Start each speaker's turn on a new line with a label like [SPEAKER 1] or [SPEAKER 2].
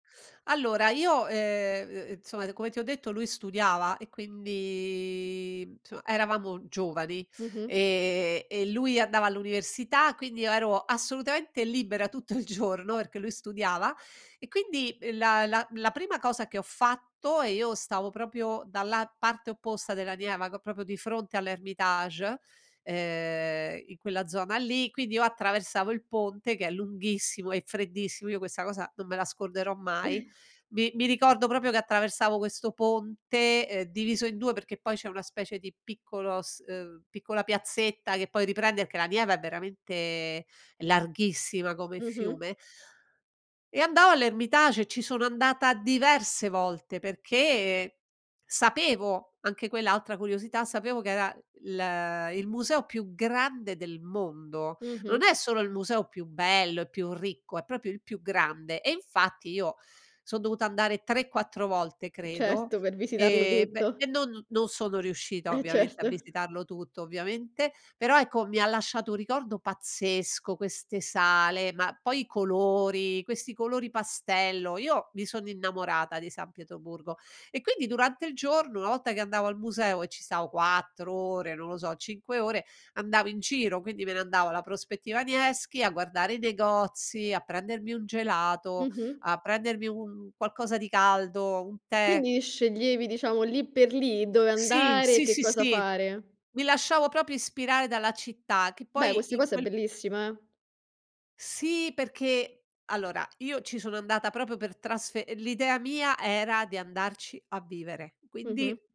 [SPEAKER 1] Allora io, ehm, uhm, insomma come ti ho detto lui studiava e quindi insomma eravamo giovani
[SPEAKER 2] Mh-mh.
[SPEAKER 1] e e lui andava all'università, quindi io ero assolutamente libera tutto il giorno perché lui studiava e quindi il la la la prima cosa che ho fatto e io stavo proprio dalla parte opposta della Neva ca proprio di fronte all'Hermitage, ehm in quella zona lì, quindi io attraversavo il ponte che è lunghissimo, e freddissimo, io questa cosa non me la scorderò mai. Mi mi ricordo proprio che attraversavo questo ponte, ehm, diviso in 2 perché poi c'è una specie di piccolo s uhm, piccola piazzetta che poi riprende, perché la Neva è veramente larghissima come
[SPEAKER 2] Mh-mh.
[SPEAKER 1] fiume e andavo all'Hermitage, ci sono andata diverse volte perché sapevo anche quell'altra curiosità, sapevo che era il il museo più grande del mondo.
[SPEAKER 2] Mh-mh.
[SPEAKER 1] Non è solo il museo più bello e più ricco, è proprio il più grande e infatti io son dovuta andare 3, 4 volte
[SPEAKER 2] Uhm,
[SPEAKER 1] credo
[SPEAKER 2] certo, per visitarlo
[SPEAKER 1] e beh
[SPEAKER 2] tutto.
[SPEAKER 1] e non non sono riuscita
[SPEAKER 2] E
[SPEAKER 1] ovviamente a
[SPEAKER 2] certo.
[SPEAKER 1] visitarlo tutto ovviamente, però ecco mi ha lasciato un ricordo pazzesco queste sale, ma poi i colori, questi colori pastello, io mi sono innamorata di San Pietroburgo e quindi durante il giorno una volta che andavo al museo e ci stavo 4 ore, non lo so, 5 ore, andavo in giro, quindi me ne andavo alla prospettiva Nevskij a guardare i negozi, a prendermi un gelato,
[SPEAKER 2] Mh-mh.
[SPEAKER 1] a prendermi un un qualcosa di caldo, un tè.
[SPEAKER 2] Quindi sceglievi diciamo lì per lì dove
[SPEAKER 1] Sì,
[SPEAKER 2] andare e
[SPEAKER 1] sì,
[SPEAKER 2] che
[SPEAKER 1] sì,
[SPEAKER 2] cosa
[SPEAKER 1] sì,
[SPEAKER 2] fare.
[SPEAKER 1] mi lasciavo proprio ispirare dalla città che
[SPEAKER 2] Beh,
[SPEAKER 1] poi
[SPEAKER 2] questa
[SPEAKER 1] in
[SPEAKER 2] cosa è
[SPEAKER 1] quel
[SPEAKER 2] bellissima, eh.
[SPEAKER 1] Sì, perché allora io ci sono andata proprio per trasfe l'idea mia era di andarci a vivere, quindi
[SPEAKER 2] Mh-mh.